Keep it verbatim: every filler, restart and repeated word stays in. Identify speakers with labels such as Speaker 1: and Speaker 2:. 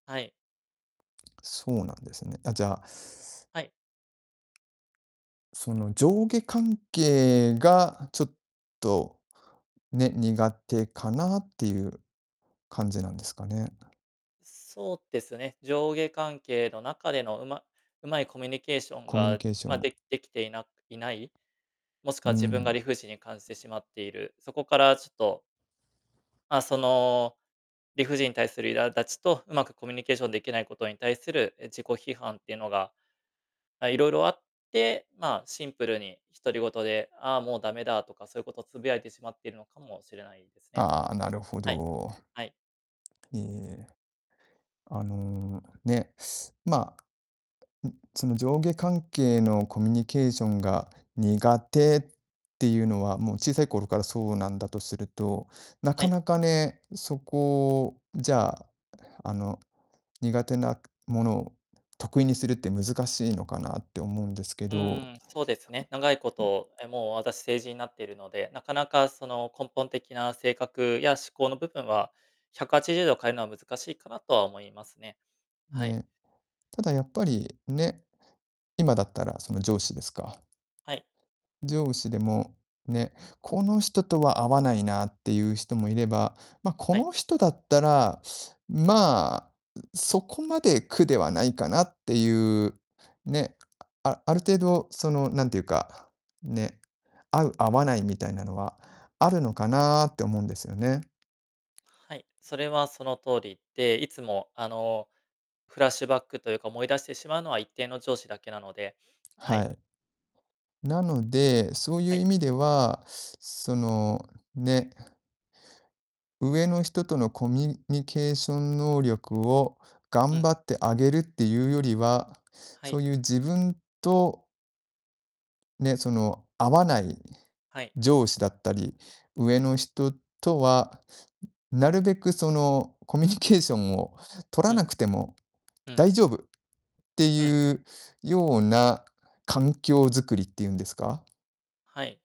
Speaker 1: はい。
Speaker 2: そうなんですね。あ、じゃあ
Speaker 1: はい。
Speaker 2: その、上下関係がちょっと、ね、苦手かなってゆう感じなんですかね。
Speaker 1: そうですね、上下関係の中での、うま上手いコミュニケーション
Speaker 2: コミュニ
Speaker 1: が、
Speaker 2: ケーショ
Speaker 1: ま、
Speaker 2: ン。
Speaker 1: でできていないない、もしく
Speaker 2: うー
Speaker 1: は自分が
Speaker 2: ん。
Speaker 1: 理不尽に感じてしまっている、そこからちょっとまあ、その、理不尽に対する苛立ちと、上手くコミュニケーションできないことに対する、え、自己批判っていうのが、あ、いろいろあって、まあ、シンプルに、独り言で、「ああ、もうダメだ」とか、そゆことつぶやいてしまってるのかもしれないですね。
Speaker 2: ああ、なるほ
Speaker 1: はい。
Speaker 2: ど。
Speaker 1: はい。
Speaker 2: いえ。あの、ね、まあ、ん、その、上下関係のコミュニケーションが苦手ってゆうのは、もう、小さい頃からそうなんだとすると、な
Speaker 1: は
Speaker 2: か
Speaker 1: い。
Speaker 2: なかね、そこじゃあ、あの、苦手なものを得意にするって難しいのかなって思うんですけ
Speaker 1: う
Speaker 2: ど
Speaker 1: ーん、そうですね、長いこ
Speaker 2: ん。
Speaker 1: とえ、もう、私、成人になってるので、なかなか、その根本的な性格や思考の部分は、ひゃくはちじゅうど変えるのは難しいかなとは思いますね。はい。
Speaker 2: ね。ただ、やっぱり、ね、今だったら、その上司ですか？
Speaker 1: はい。
Speaker 2: 上司でも、ね、この人とは合わないなってゆう人もいれば、ま、こ
Speaker 1: はい。
Speaker 2: の人だったら、まあ、う、そこまで苦ではないかなってゆう、ね、あある程度、その、なんていうか、ね、合う、合わないみたいなのはあるのかなって思うんですよね。
Speaker 1: はい、それはその通り。で、いつも、あの、フラッシュバックというか思い出してしまうのは、一定の上司だけなので、は
Speaker 2: は
Speaker 1: い。
Speaker 2: い。なので、そう
Speaker 1: は
Speaker 2: ゆう
Speaker 1: い。
Speaker 2: 意味では、その、ね上の人とのコミュニケーション能力を、
Speaker 1: う
Speaker 2: 頑
Speaker 1: ん。
Speaker 2: 張って上げるってゆうよりは、
Speaker 1: は
Speaker 2: そ
Speaker 1: い。
Speaker 2: うゆう自分とね、その、合わない
Speaker 1: はい。
Speaker 2: 上司だったり、上の人とは、なるべく、その、コミュニケーションを取
Speaker 1: う
Speaker 2: ら
Speaker 1: ん。
Speaker 2: なくても
Speaker 1: うん。
Speaker 2: 大丈夫って
Speaker 1: うん。
Speaker 2: ゆうような環境作りってゆんですか
Speaker 1: はい。